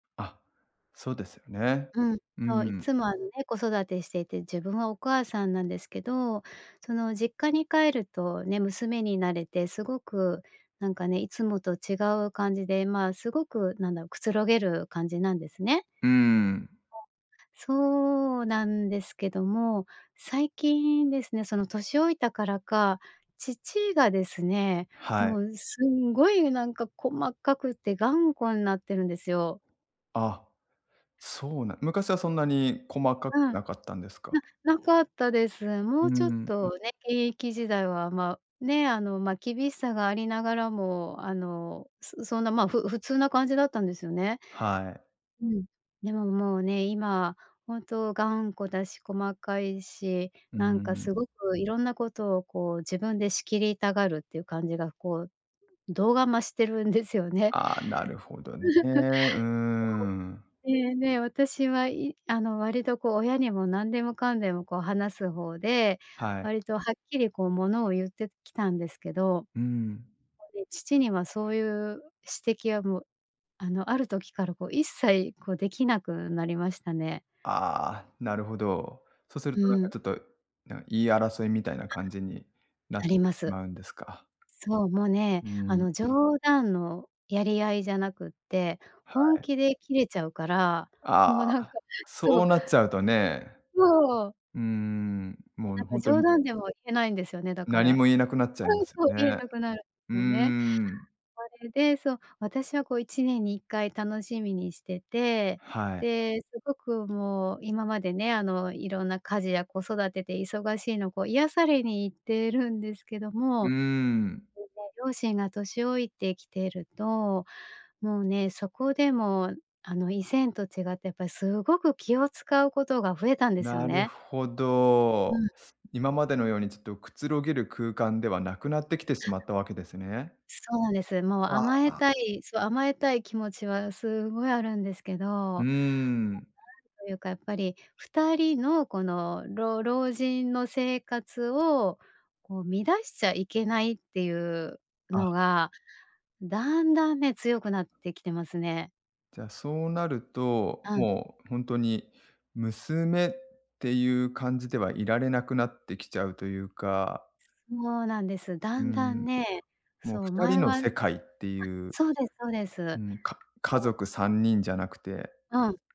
あ、そうですよね。うん、うそう、いん。つもあのね、子育てしていて、自分はお母さんなんですけど、その、実家に帰るとね、娘になれて、すごくなんかね、いつもと違う感じで、まあ、すごくなんだろう、くつろげる感じなんですね。うん。うん。そうなんですけども、最近ですね、その年老いたからか、父がですね、はい。もうすんごいなんか細かくて頑固んなってるんですよ。あ、そうなん昔はそんなに細かくうん。なかったんですか。ななかったです。もううちょっん。とね、現役時代は、ま、ね、あの、ま、厳しさがありながらも、あの、そそんな、ま、ふ普通な感じだったんですよね。はい。うん、でももうね、今、本当頑固だし細かいし、うなんかん。すごく色んなことをこう、自分で仕切りたがるっていう感じがこう、度が増してるんですよね。ああ、なるほどね。うーん。そう。で、ね、私はいあの、割とこう、親にもなんでもかんでもこう話す方で、はい。割とはっきりこう、物を言ってきたんですけど、もうん。うね、父にはそういう指摘はもう、あの、ある時からこう一切、こう出来なくなりましたね。ああ、なるほど。そうするうとなんかん。ちょっと、なん、言い争いみたいな感じになっなりましす。まうんですか。そう、もうね、うあん。の、冗談のやり合いじゃなくって、は本い。気でキレちゃうから、もうあなんあ、かそそう。うなっちゃうとね。そう。うーん、もうもなうんほかんと冗に談でも言えないんですよね、だか何ら。も言えなくなっちゃいうまん、すそう、よ言えね。なくなるんうすーよね。ん。それで、そう、私はこう1年に1回楽しみにしてて、はい。で、すごくもう今までね、あの、色んな家事や子育てで忙しいのこう、癒されに行ってるんですけどうーも、じん。さい両親が年老いてきてると、もうね、そこでも、あの、以前と違って、やっぱりすごく気を使うことが増えたんですよなるね。ほうど。ん。今までのように、ちょっとくつろげる空間ではなくなってきてしあまったわけですね。そうなんです。もうあ甘あ、えあ。たいそう甘えたい気持ちはすごいあるんですけうーど、ん。というかやっぱり、二人のこの、ろう老人の生活を、こう、乱しちゃいけないっていうのあが、だんだんね、強くなってきてますね。じゃあ、そうなると、うん。もうほんとに娘っていう感じではいられなくなってきちゃうというか。もうなんです。うだんだん。んね、もうそう、二人前のはあ、世界っていう。そうですそうです。うん、もう、か家もう族3人じゃなくて。うん。